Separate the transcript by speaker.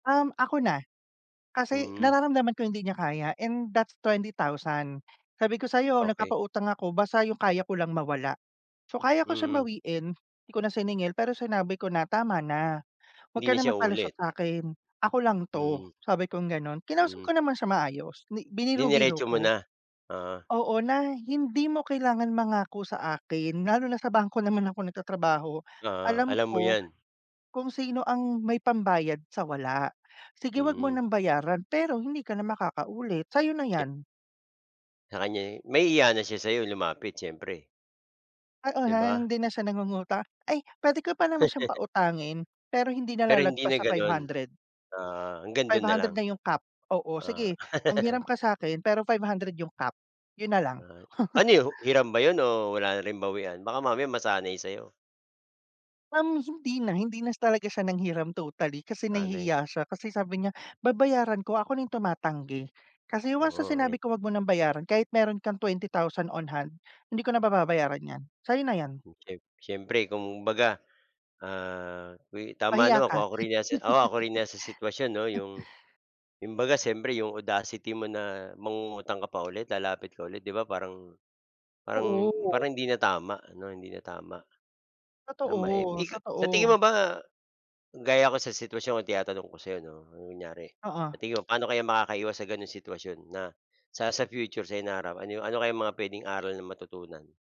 Speaker 1: Um, ako na. Kasi
Speaker 2: Hmm.
Speaker 1: nararamdaman ko hindi niya kaya, and that's 20,000. Sabi ko sa'yo
Speaker 2: Okey.
Speaker 1: nagpapautang ako basta yung kaya ko lang mawala. So, kaya ko siyang
Speaker 2: Mm.
Speaker 1: bawiin, hindi ko na siningil. Pero sinabi ko na tama na, huwag
Speaker 2: Hindi
Speaker 1: ka
Speaker 2: na
Speaker 1: na
Speaker 2: siya
Speaker 1: magpalusot
Speaker 2: uulit.
Speaker 1: sa'kin. Ako lang 'to
Speaker 2: Mm.
Speaker 1: sabi kong gano'n, kinausap
Speaker 2: Mm.
Speaker 1: ko naman siya maayos, 'di biniro-biro
Speaker 2: Dineretso mo
Speaker 1: ko.
Speaker 2: na. Oo.
Speaker 1: Oo na, hindi mo kailangan mangako sa akin, lalo na sa bangko naman ako nagtatrabaho.
Speaker 2: Oo,
Speaker 1: Alam
Speaker 2: alam mo
Speaker 1: ko,
Speaker 2: 'yan.
Speaker 1: kung sino ang may pambayad, sa wala. Sige, 'wag mo
Speaker 2: Mm.
Speaker 1: ng bayaran pero hindi ka na makakaulit, sa'yo na
Speaker 2: Check.
Speaker 1: 'yan.
Speaker 2: Sa kanya, eh. Mahihiya na siya sa'yo lumapit, siyempre.
Speaker 1: Oo,
Speaker 2: 'Di
Speaker 1: ha, na
Speaker 2: ba.
Speaker 1: hindi na siya nangungutang. Ay, puwede ko pa naman siyang pautangin pero hindi na
Speaker 2: Pero hindi
Speaker 1: lalagpas
Speaker 2: na
Speaker 1: sa five
Speaker 2: gano'n.
Speaker 1: hundred.
Speaker 2: Ah, hanggang
Speaker 1: five
Speaker 2: dun na
Speaker 1: hundred
Speaker 2: lang.
Speaker 1: na yung cap. Oo,
Speaker 2: Ah.
Speaker 1: sige manghiram ka sa'kin pero 500 yung cap, yun na lang.
Speaker 2: Ah, ano 'yon? hiram ba 'yon o wala na rin bawian? Baka mamaya masanay sa'yo.
Speaker 1: Um, hindi na hindi na s talaga siya nanghiram totally kasi
Speaker 2: Aanohin.
Speaker 1: nahihiya siya. Kasi sabi niya babayaran ko, ako na tumatanggi. Kasi once na
Speaker 2: Oo.
Speaker 1: sinabi ko 'wag mo ng bayaran, kahit meron kang 20,000 on hand, hindi ko na pababayaran 'yan. Sa'yo na 'yan.
Speaker 2: Hmm, siyem siyempre kung baga, ah, wi tama
Speaker 1: Mahiya
Speaker 2: naman
Speaker 1: ka.
Speaker 2: kung ako rin 'yan si oo, ako rin 'yan sa sitwasyon 'no, yung yung baga siyempre, yung audacity mo na mangungutang ka pa ulit, lalapit ka ulit, 'di ba parang parang
Speaker 1: Oo.
Speaker 2: parang hindi na tama 'no, hindi na tama. Tama, eh,
Speaker 1: Totoo,
Speaker 2: ika sa tingin
Speaker 1: totoo.
Speaker 2: mo ba, gaya ko sa sitwasyon ko tinatanong ko sa'yo 'no, kung kunyari,
Speaker 1: Oo.
Speaker 2: pati yun, paano kaya makakaiwas sa gano'ng sitwasyon na sa sa future, sa hinaharap, ano ano kayang mga puwedeng aral na matutunan?